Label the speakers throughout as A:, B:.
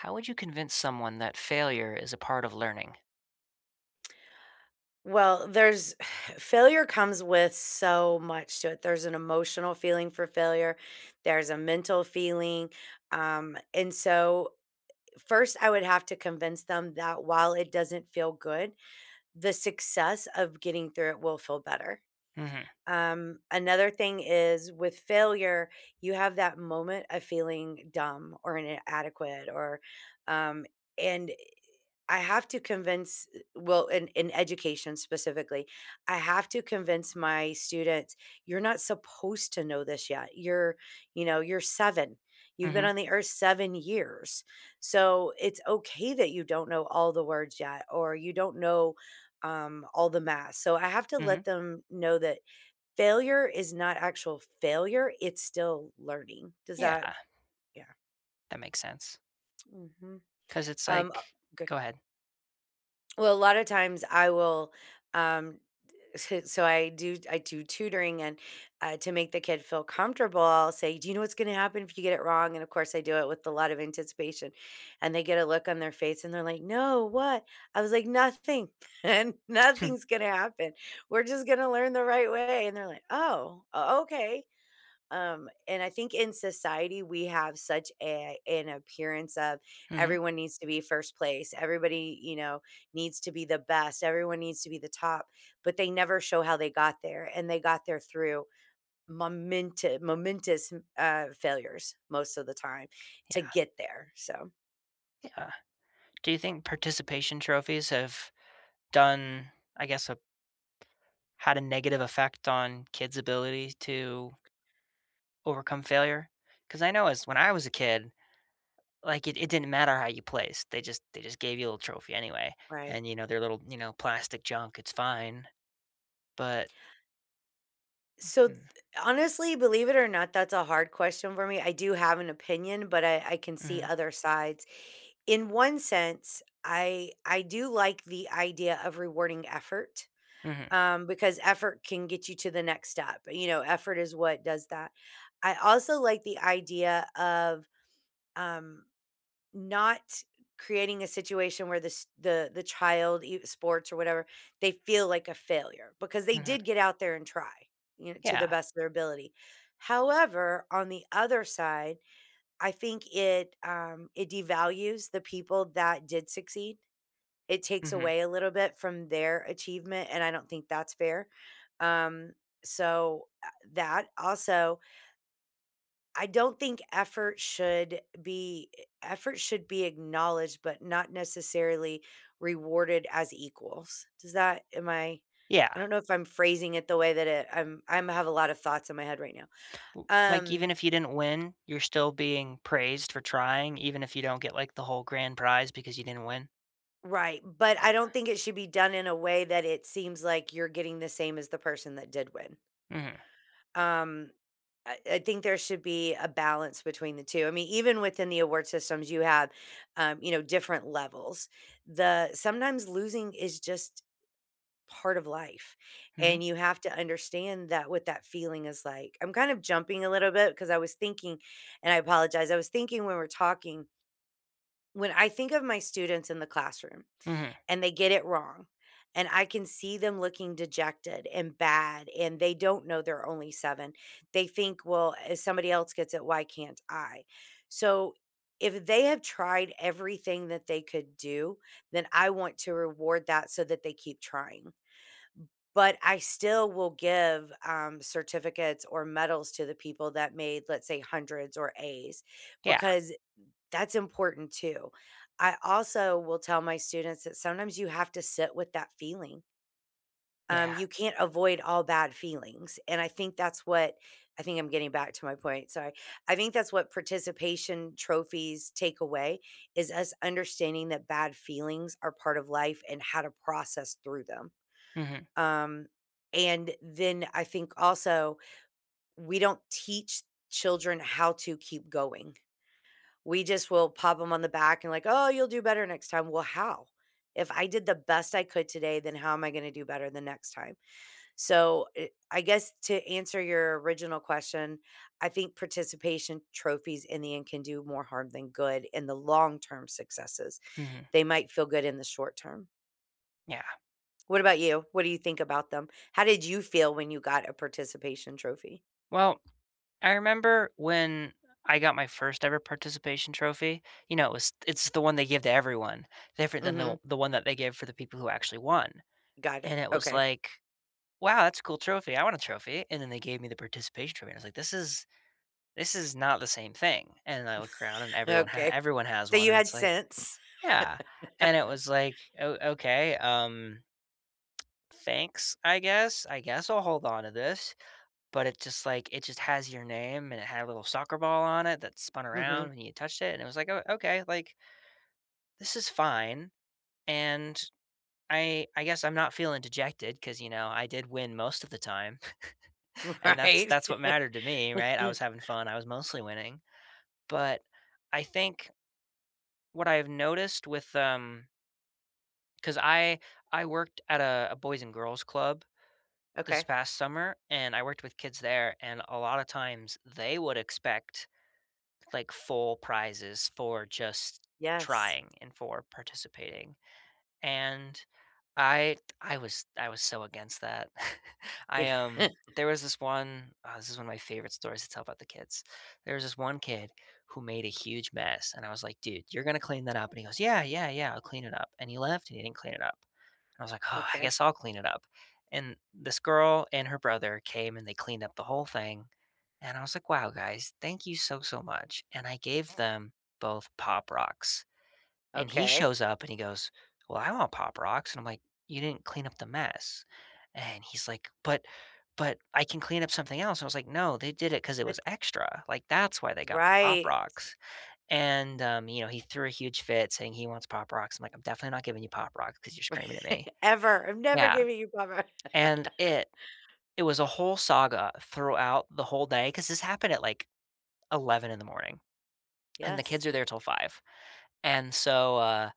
A: How would you convince someone that failure is a part of learning?
B: Well, there's failure comes with so much to it. There's an emotional feeling for failure. There's a mental feeling. Um, and so 1st, I would have to convince them that while it doesn't feel good, the success of getting through it will feel better.
A: Mhm.
B: Um, another thing is with failure, you have that moment of feeling dumb or inadequate or, um and I have to convince well, in in education specifically, I have to convince my students, you're not supposed to know this yet. You're, you know, you're 7. You've been
A: Mhm.
B: on the earth 7 years. So, it's okay that you don't know all the words yet or you don't know, um, all the math. So, I have to let
A: Mhm.
B: them know that failure is not actual failure. It's still learning. Does
A: Yeah.
B: that Yeah.
A: That makes sense.
B: Mhm.
A: 'Cause it's
B: Um, uh,
A: like
B: g
A: Go ahead.
B: Well, a lot of times, I will, um d s so I do I do tutoring. And, uh, to make the kid feel comfortable, I'll say, "Do you know what's gonna happen if you get it wrong?" And, of course, I do it with a lot of anticipation. And they get a look on their face, they're like, "No, what?" I was like, "Nothing. Nothing's gonna happen. We're just gonna learn the right way." And they're like, "Oh, o okay." Um, and I think in society, we have such a an appearance of
A: Mhm.
B: everyone needs to be 1st place. Everybody, you know, needs to be the best. Everyone needs to be the top, but they never show how they got there. And they got there through momente momentous, uh, failures most of the time to
A: Yeah.
B: get there, so
A: Yeah. Do you think participation trophies have done, I guess a had a negative effect on kids' ability to overcome failure? 'Cause I know as when I was a kid, like, it it didn't matter how you placed. They just they just gave you a little trophy anyway.
B: Right.
A: And, you know, they're little, you know, plastic junk. It's fine. But
B: So,
A: Mhm.
B: honestly, believe it or not, that's a hard question for me. I do have an opinion, but I I can see
A: Mhm.
B: other sides. In one sense, I I do like the idea of rewarding effort,
A: Mhm.
B: um, because effort can get you to the next step. You know, effort is what does that. I also like the idea of, um, not creating a situation where this the the child, i sports or whatever, they feel like a failure because they
A: Mhm.
B: did get out there and try, you know, to the
A: Yeah.
B: best of their ability. However, on the other side, I think it, um, it devalues the people that did succeed. It takes
A: Mhm.
B: away a little bit from their achievement, and I don't think that's fair. Um, so, eh, that also I don't think effort should be effort should be acknowledged, but not necessarily rewarded as equals. Does that am I,
A: Yeah.
B: I don't know if I'm phrasing it the way that it I'm I'm have a lot of thoughts in my head right now,
A: L like, even
B: um
A: if you didn't win, you're still being praised for trying even if you don't get, like, the whole grand prize because you didn't win?
B: Right, but I don't think it should be done in a way that it seems like you're getting the same as the person that did win.
A: Mm.
B: Um, I I think there should be a balance between the 2, I mean, even within the award systems, you have, uh, you know, different levels. The sometimes losing is just part of life,
A: Mhm.
B: and you have to understand that what that feeling is like, I'm kind of jumping a little bit 'cause I was thinking and I apologize, I was thinking when we're talking when I think of my students in the classroom,
A: Mhm.
B: and they get it wrong, and I can see them looking dejected and bad and they don't know they're only 7, they think, well, "If somebody else gets it, why can't I?" So if they have tried everything that they could do, then I want to reward that so that they keep trying. But I still will give, um, certificates or medals to the people that made, let's say, 100s or A's
A: Yeah.
B: because that's important too. I also will tell my students that sometimes you have to sit with that feeling. Um,
A: Yeah.
B: you can't avoid all bad feelings, and I think that's what I think I'm getting back to my point, sorry. I think that's what participation trophies take away, is us understanding that bad feelings are part of life and how to process through them.
A: Mhm.
B: Um, and then, I think also we don't teach children how to keep going. We just will pop them on the back and like, "Oh, you'll do better next time." "Well, how? If I did the best I could today, then how am I gonna do better the next time?" So, er, I guess to answer your original question, I think participation trophies in the end can do more harm than good in the long-term successes.
A: Mhm.
B: They might feel good in the short-term.
A: Yeah.
B: What about you? What do you think about them? How did you feel when you got a participation trophy?
A: Well, I remember when I got my first ever participation trophy. You know, it was it's the one they give to everyone, different than the
B: Mhm.
A: the one that they give for the people who actually won.
B: Got it.
A: And it was
B: Okay.
A: like, "Wow, that's a cool trophy. I want a trophy." And then they gave me the participation trophy. I was like, "This is this is not the same thing." And I look around and everyone ha
B: Okay.
A: everyone has
B: So
A: one.
B: you
A: And
B: had
A: it's like
B: sense.
A: yeah. And it was like, "Oh, okay, um" "thanks, I guess. I guess I'll hold on to this." But it just, like, it just has your name and it had a little soccer ball on it that spun
B: Mhm.
A: around when you touched it. And it was like, "Oh, okay, like, this is fine. And I I guess I'm not feeling dejected 'cause, you know, I did win most of the time." And that's
B: Right.
A: that's what mattered to me, right? I was having fun. I was mostly winning. But I think what I've noticed with um 'cause I I worked at a a boys and girls club this
B: Okay.
A: past summer, and I worked with kids there. And a lot of times, they would expect, like, full prizes for just
B: Yes.
A: trying and for participating. And I I was I was so against that. I,
B: Yeah.
A: um, there was this one, this is one of my favorite stories to tell about the kids. There was this one kid who made a huge mess, and I was like, "Dude, you're gonna clean that up?" And he goes "Yeah, yeah, yeah. I'll clean it up." And he left, and he didn't clean it up. I was like, "Oh, I
B: Okay.
A: guess I'll clean it up." And this girl and her brother came, they cleaned up the whole thing. And I was like, "Wow, guys. Thank you so, so much." And I gave them both Pop Rocks. And he
B: Okay.
A: shows up and he goes, "Well, I want Pop Rocks." And I'm like, "You didn't clean up the mess." And he's like, "But but I can clean up something else." I was like, "No. They did it 'cause it was
B: It's
A: extra. Like, that's why they got Pop
B: Right.
A: Rocks." And, um, you know, he threw a huge fit saying he wants Pop Rocks. I'm like, "I'm definitely not giving you Pop Rocks 'cause you're screaming at me."
B: "Ever. I'm never
A: Yeah.
B: giving you Pop Ro"
A: And it it was a whole saga throughout the whole day 'cause this happened at, like, 11 in the morning, and the
B: Yes.
A: kids are there 'till 5. And so, uh,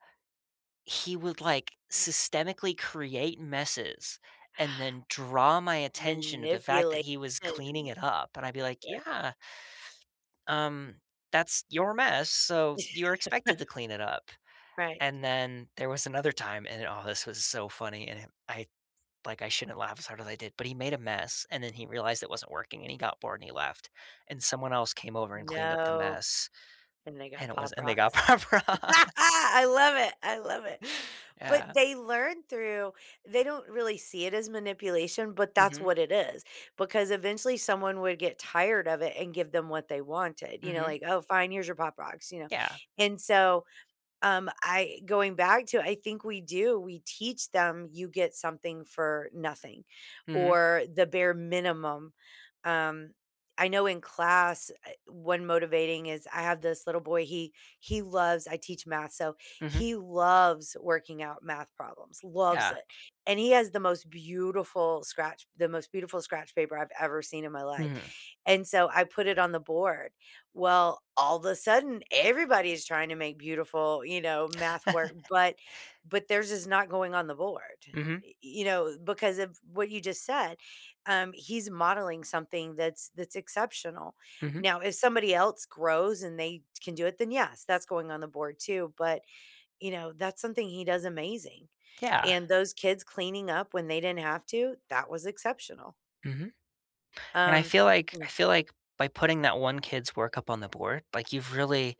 A: he would, like, systemically create messes and then draw my attention to the fact that
B: Manipulation.
A: he was cleaning it up. And I'd be like,
B: Yeah.
A: "Yeah. Um, that's your mess, so you're expected to clean it up."
B: Right.
A: And then there was another time, and oh, this was so funny. And i I like, I shouldn't laugh as hard as I did, but he made a mess. And then he realized it wasn't working, and he got bored, he left. And someone else came over and cleaned up the
B: No.
A: mess,
B: And they
A: and
B: got
A: it was
B: Pop
A: and they got
B: Rocks.
A: Pop Rocks!
B: I love it. I love it. But
A: Yeah.
B: they learn through They don't really see it as manipulation, but that's
A: Mhm.
B: what it is. Because eventually someone would get tired of it and give them what they wanted, you know?
A: Mhm.
B: Like, "Oh, fine. Here's your Pop Rocks." You know?
A: Yeah.
B: And so, um, I going back to I think we do. We teach them you get something for nothing
A: Mhm.
B: or the bare minimum. Um, I know in class, er, one motivating is I have this little boy. He he loves I teach math, so
A: Mhm.
B: he loves working out math problems. Loves
A: Yeah.
B: it. And he has the most beautiful scratch the most beautiful scratch paper I've ever seen in my life.
A: Mhm.
B: And so I put it on the board. Well, all the sudden, everybody is trying to make beautiful, you know, math work, but but theirs is not going on the board.
A: Mhm.
B: Y you know, because of what you just said, um, he's modeling something that's that's exceptional.
A: Mhm.
B: Now if somebody else grows and they can do it, then, yes, that's going on the board too. But, you know, that's something he does amazing.
A: Yeah.
B: And those kids cleaning up when they didn't have to, that was exceptional.
A: Mhm, and I
B: Um
A: feel like I feel like by putting that one kid's work up on the board, like, you've really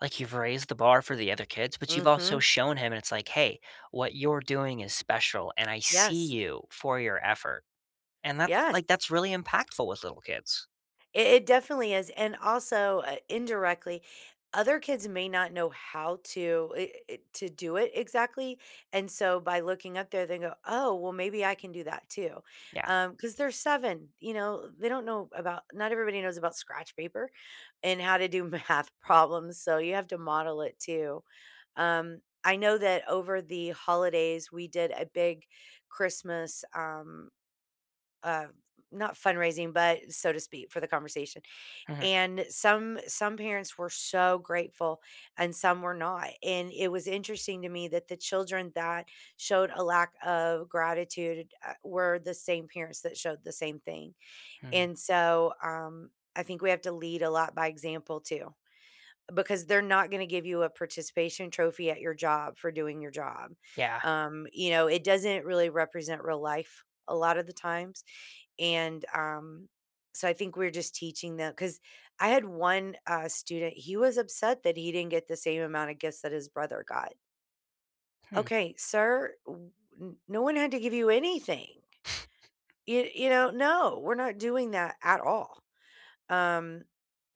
A: like, you've raised the bar for the other kids, but you've also
B: Mhm.
A: shown him it's like, "Hey, what you're doing is special, and I see
B: Yes.
A: you for your effort." And that's
B: Yes.
A: like, that's really impactful with little kids.
B: I it definitely is, and, also, uh, indirectly, other kids may not know how to eh eh, to do it exactly, and so by looking up there, they go, "Oh, well, maybe I can do that, too."
A: Yeah.
B: Um, 'cause they're 7, you know? They don't know about not everybody knows about scratch paper and how to do math problems, so you have to model it too. Um, I know that over the holidays, we did a big Christmas, um, uh, not fundraising, but so to speak, for the conversation,
A: Mhm.
B: and some some parents were so grateful and some were not, and it was interesting to me that the children that showed a lack of gratitude, uh, were the same parents that showed the same thing,
A: Hmm.
B: and so, um, I think we have to lead a lot by example too because they're not gonna give you a participation trophy at your job for doing your job.
A: Yeah.
B: Um, you know, it doesn't really represent real life a lotta the times, and, um, so I think we're just teaching them 'cause I had one, uh, student, he was upset that he didn't get the same amount of gifts that his brother got.
A: Hmm.
B: "Okay, Sir w n no one had to give you anything! Yo you know? No! We're not doing that at all." Um,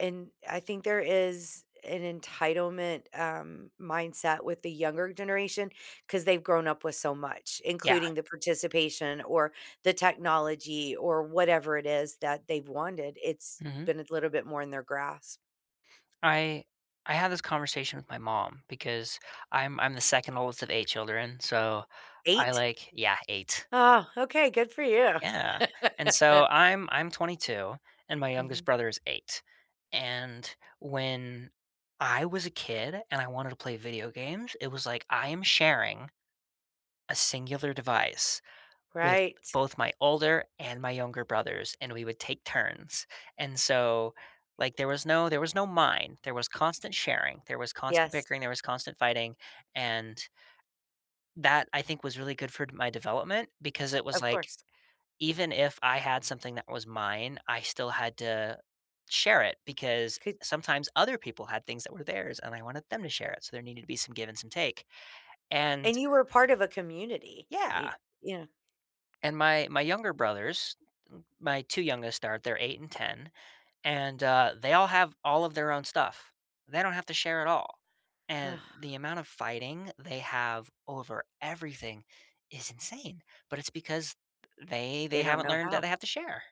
B: and I think there is an entitlement, um, mindset with the younger generation, 'cause they've grown up with so much,
A: Yeah.
B: including the participation, or, the technology or whatever it is, that they've wanted, it's
A: Mhm.
B: been a little bit more in their grasp.
A: I I had this conversation with my mom, because I'm I'm the 2nd oldest of 8 children, so, I,
B: 8?
A: like Yeah, 8.
B: Oh, okay, good for you.
A: Yeah, and, so, I'm I'm 22, and my youngest
B: Mhm.
A: brother is 8, and when I was a kid and I wanted to play video games, it was like, "I am sharing a singular device with,
B: Right.
A: both, my older and my younger brothers," and we would take turns, and, so, like, there was no there was no "mine," there was constant sharing, there was constant
B: Yes.
A: bickering, there was constant fighting, and that, I think, was really good for d my development, because it was
B: Of
A: like,
B: course.
A: even if I had something that was mine, I still had to share it, because
B: Coul
A: sometimes other people had things that were theirs, and I wanted them to share it, so there needed to be some give and some take, and
B: And you were part of a community.
A: Yeah!
B: Ye yeah.
A: And my my younger brothers, my 2 youngest are they're 8 and 10, and, uh, they all have all of their own stuff. They don't have to share at all, and the amount of fighting they have over everything is insane, but it's because they they
B: They don't
A: haven't
B: know
A: learned that
B: how.
A: they have to share!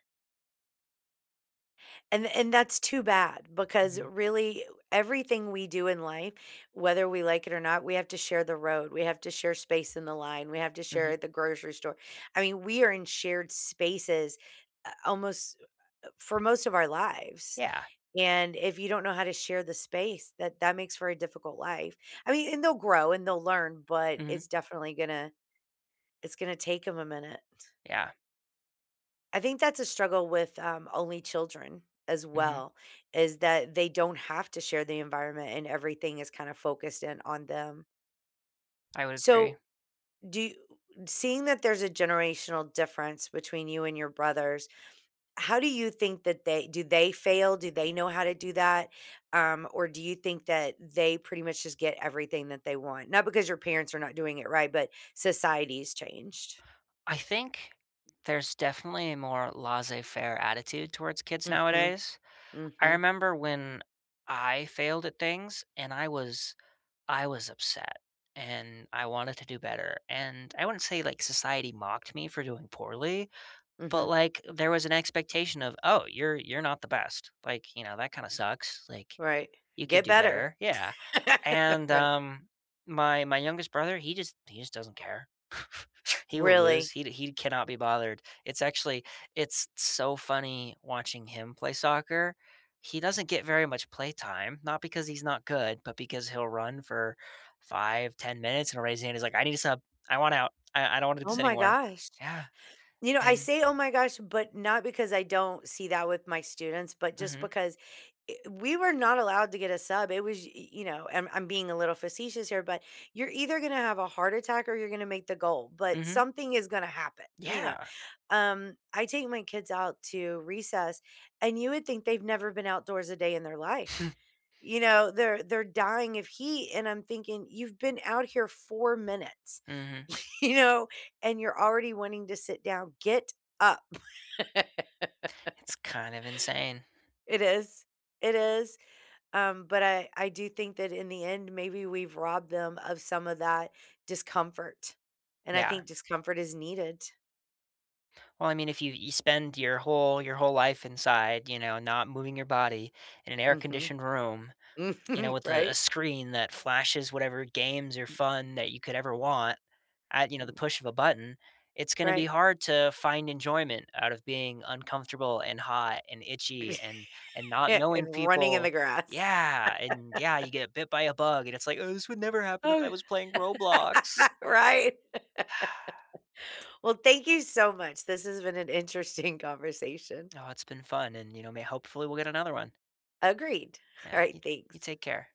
B: And and that's too bad because,
A: Mhm.
B: really, everything we do in life, whether we like it or not, we have to share the road. We have to share space in the line. We have to share
A: Mhm.
B: at the grocery store. I mean, we are in shared spaces, uh, almost, uh, for most of our lives.
A: Yeah.
B: And if you don't know how to share the space, that that makes for a difficult life. I mean and they'll grow and they'll learn, but
A: Mhm.
B: it's definitely gonna it's gonna take 'em a minute.
A: Yeah.
B: I think that's a struggle with, um, only children as
A: Mhm.
B: well is that they don't have to share the environment and everything is kinda focused in on them.
A: I would agree.
B: So do y seeing that there's a generational difference between you and your brothers, how do you think that they do they fail? Do they know how to do that? Um, or do you think that they pretty much just get everything that they want? Not because your parents are not doing it right, but society's changed.
A: I think there's definitely a more laissez faire attitude towards kids
B: Mhm,
A: nowadays. I
B: mhm.
A: remember when I failed at things, and I was I was upset, and I wanted to do better. And I wouldn't say, like, society mocked me for doing poorly, but,
B: Mhm.
A: like, there was an expectation of, "Oh, you're you're not the best." Like, you know, "That kinda sucks." Like,
B: Right.
A: "You could
B: "Get
A: do
B: better."
A: better." Yeah. And
B: Right.
A: um, my my youngest brother, he just he just doesn't care. He will lose.
B: Really?
A: He he cannot be bothered. It's actually it's so funny watching him play soccer. He doesn't get very much playtime, not because he's not good, but because he'll run for 5, 10 minutes and he'll raise his hand. He's like, "I need a sub. I want out. I I don't wanna do
B: Oh
A: this
B: my
A: anymore."
B: gosh.
A: Yeah,
B: You know, I
A: and
B: say, oh my gosh, but not because I don't see that with my students, but just
A: Mhm.
B: because eh, we were not allowed to get a sub. It was y you know and I'm I'm being a little facetious here, but you're either gonna have a heart attack or you're gonna make the goal. But
A: Mhm.
B: something is gonna happen, you know?
A: Yeah.
B: Um, I take my kids out to recess, and you would think they've never been outdoors a day in their life. You know, they're they're dying of heat, and I'm thinking, "You've been out here 4 minutes,"
A: Mhm.
B: you know? "And you're already wanting to sit down. Get up."
A: It's kind of insane.
B: It is. It is, um, but I I do think that in the end, maybe we've robbed them of some of that discomfort. And I
A: Yeah.
B: think discomfort is needed.
A: Well, I mean, if you you spend your whole your whole life inside, you know, not moving your body in an
B: Mhm.
A: air-conditioned room, you know,
B: Mhm,
A: with a a
B: right?
A: screen that flashes whatever games or fun that you could ever want at, you know,
B: M
A: the push of a button, it's gonna be
B: Right.
A: hard to find enjoyment out of being uncomfortable and hot and itchy and and not knowing
B: And running in the
A: people.
B: grass.
A: Yeah. And, yeah, you get bit by a bug, and it's like, "Oh, this would never happen if I
B: Oh,
A: was playing Roblox."
B: right. Well, thank you so much. This has been an interesting conversation.
A: Oh, it's been fun, and, you know, may hopefully, we'll get another one.
B: Agreed.
A: Yeah. You
B: Alright,
A: you
B: thanks.
A: take care.